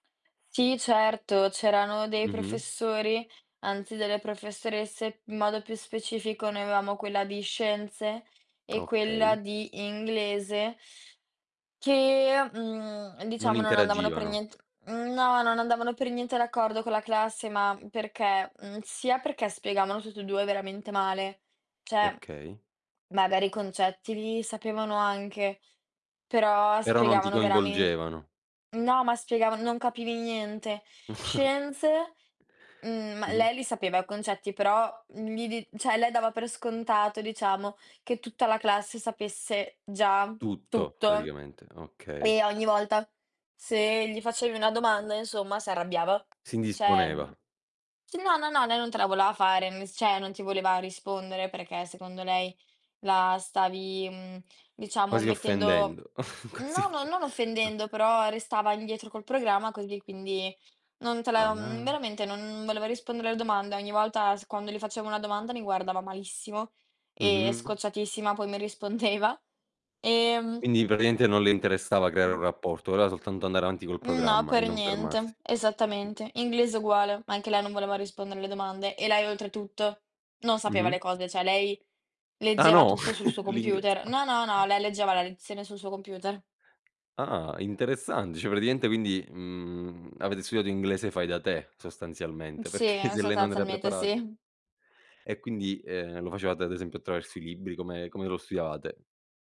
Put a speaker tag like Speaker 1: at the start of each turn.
Speaker 1: Sì, certo, c'erano dei
Speaker 2: Mh-mh.
Speaker 1: professori anzi delle professoresse, in modo più specifico noi avevamo quella di scienze e quella
Speaker 2: Okay.
Speaker 1: di inglese che, mhmm,
Speaker 2: Non
Speaker 1: diciamo, non andavano per
Speaker 2: interagivano.
Speaker 1: nient mhmm, no, non andavano per niente d'accordo con la classe, ma perché, mhmm, sia perché spiegavano tutt'e 2 veramente male, cioè
Speaker 2: Okay.
Speaker 1: magari i concetti li sapevano anche, però
Speaker 2: Però non ti
Speaker 1: spiegavano veramen
Speaker 2: coinvolgevano.
Speaker 1: no, ma spiegavan non capivi niente. Scienze, mhmm, ma
Speaker 2: Mh-mh.
Speaker 1: lei li sapeva i concetti, però, mhmm, li di cioè lei dava per scontato, diciamo, che tutta la classe sapesse già
Speaker 2: Tutto
Speaker 1: tutto
Speaker 2: praticamente, okay.
Speaker 1: e ogni volta se gli facevi una domanda, insomma, si arrabbiava.
Speaker 2: Si
Speaker 1: Cioè
Speaker 2: indisponeva.
Speaker 1: no, no, no, lei non te la voleva fare, m s cioè non ti voleva rispondere, perché secondo lei la stavi, mhmm, diciamo
Speaker 2: Quasi
Speaker 1: mettendo
Speaker 2: offendendo, quasi
Speaker 1: no,
Speaker 2: offe
Speaker 1: non
Speaker 2: ah.
Speaker 1: offendendo, però restava indietro col programma così, quindi non te la mhmm,
Speaker 2: Ah.
Speaker 1: veramente non voleva rispondere alle domanda. Ogni volta s quando le facevo una domanda mi guardava malissimo e
Speaker 2: Mh-mh.
Speaker 1: scocciatissima poi mi rispondeva, ehm
Speaker 2: Quindi praticamente non le interessava creare
Speaker 1: Mh.
Speaker 2: un rapporto, voleva soltanto andare avanti col
Speaker 1: Mh, no,
Speaker 2: programma e
Speaker 1: per
Speaker 2: non fermarsi.
Speaker 1: niente, esattamente. Inglese uguale, anche lei non voleva rispondere alle domande, e lei oltretutto non sapeva
Speaker 2: Mh-mh.
Speaker 1: le cose, cioè lei
Speaker 2: Ah
Speaker 1: leggeva
Speaker 2: no?
Speaker 1: tutto sul suo
Speaker 2: L'ingles
Speaker 1: computer No, no, no, lei leggeva la lezione sul suo computer.
Speaker 2: Ah interessante, cioè praticamente quindi, mhmm, avete studiato inglese fai da te
Speaker 1: Mh,
Speaker 2: sostanzialmente,
Speaker 1: sì,
Speaker 2: perché se lei non era
Speaker 1: sostanzialmente
Speaker 2: preparat
Speaker 1: sì.
Speaker 2: E quindi, ehm, lo facevate ad esempio attraverso i libri? Come come lo studiavate?